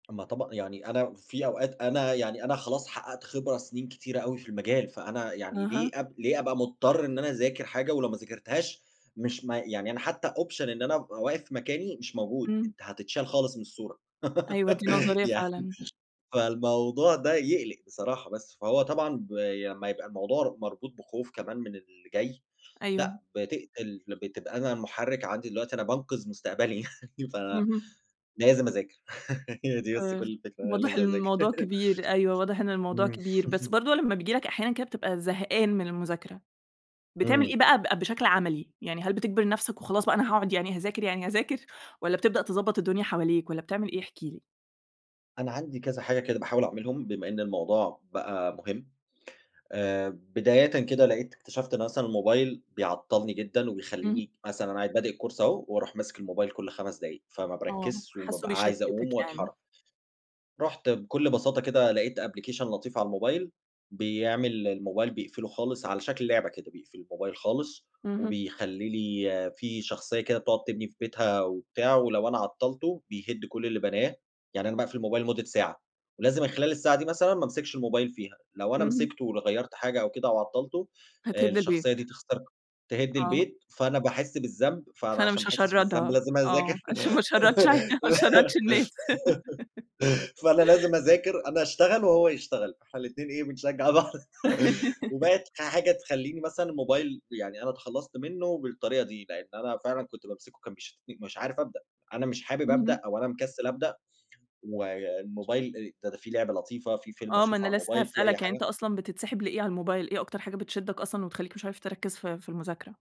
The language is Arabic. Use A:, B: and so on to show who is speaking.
A: أمّا طبعًا يعني أنا في أوقات أنا يعني أنا خلاص حقّقت خبرة سِنين كتيرة أوي في المجال، فأنا يعني ليه
B: أها.
A: أب ليه أبقى مُضطر إن أنا أذاكر حاجة ولو ما ذاكرتهاش مش ما يعني أنا حتّى option إن أنا أبقى واقف في مكاني، مش موجود،
B: إمم.
A: أنت هتتشال خالص من الصورة.
B: أيوه، دي نظرية
A: يعني
B: فعلًا.
A: فالموضوع ده يقلِق بصراحة. بس، فهو طبعًا بي أمّا يبقى الموضوع مربوط بخوف كمان من اللي جاي،
B: أيوه.
A: لأ، بتقتل ل بتبقى أنا مُحرِّك عندي دلوقتي أنا بانقِذ مستقبلي، ف
B: اهم.
A: لازم أذاكر. هي دي بس كل
B: آآ،
A: الفكرة، أنا
B: واضح إن
A: لازم أذاكر.
B: الموضوع كبير، أيوه. واضح إن الموضوع
A: إمم.
B: كبير، بس برضه لمّا بييجي لك أحيانًا كده بتبقى زهقان من المذاكرة، بتعمل
A: إمم.
B: إيه بقى ب بشكل عَملي، يعني هل بتجبر نفسك وخلاص بقى أنا هاقعد يعني هاذاكر، يعني هاذاكر والّا بتبدأ تضبّط الدنيا حواليك والّا بتعمل إيه، احكِ لي؟
A: أنا عندي كذا حاجة كده باحاول أعملهم، بما إن الموضوع بقى مهم. آآ، بدايةً كده لقيت اكتشفت إنه مثلًا الموبايل بيعطّلني جدًا
B: إمم.
A: وبيخلّيني مثلًا أنا قاعد بادئ الcourse أهو وأروح ماسك الموبايل كل 5 دقايق، فما
B: آه.
A: باركّزش
B: حاسّه
A: وبابقى عايز أقوم
B: بيشتِّتك يعني.
A: وأتحرّك. رُحت بكل بساطة كده لقيت application لطيف على الموبايل بيعمل الموبايل بيقفله خالص، على شكل لعبة كده، بيقفل الموبايل خالص
B: اهم.
A: وبيخلّي لي في شخصية كده بتقعد تبني في بيتها وبتاع ولو أنا عطّلته، بيهِد كل اللي بناه. يعني أنا باقفل الموبايل لمدة ساعة ولازم من خلال الساعة دي مثلًا ما أمسكش الموبايل فيها، لو أنا
B: اهم.
A: مسكته ول غيّرت حاجة أو كده أو عطّلته، آآ،
B: هتهِد البيت.
A: الشخصية دي تختار تِهِد
B: آه.
A: البيت، فأنا باحِس بالذنب، فأنا
B: فأنا
A: عشان
B: مش
A: ما أحسِّش بالذنب،
B: هاشرّدها،
A: لازم
B: آه.
A: أذاكر.
B: عشان ما أشرَّدش ع ما أشرَّدش الناس.
A: فأنا لازم أذاكر، أنا أشتغل وهو يشتغل، إحنا الاتنين إيه، بنشجّع بعض. وبقت ح حاجة تخلّيني مثلًا الموبايل يعني أنا اتخلّصت منّه بالطريقة دي، لإن أنا فعلًا كنت بامسكه كان بيشدن مش عارف أبدأ، أنا مش حابب أبدأ
B: اهم.
A: أو أنا مكسِّل أبدأ والموبايل آآ د ده في لعبة لطيفة، في فيلم
B: آه. ما
A: أشوفه
B: أنا
A: على
B: لسّه
A: الموبايل، في أي
B: هاسألك، يعني أنت
A: حاجة.
B: أصلًا بتنسِحب لإيه على الموبايل؟ إيه أكتر حاجة بتشدَّك أصلًا وتخلّيك مش عارف تركّز في في المذاكرة؟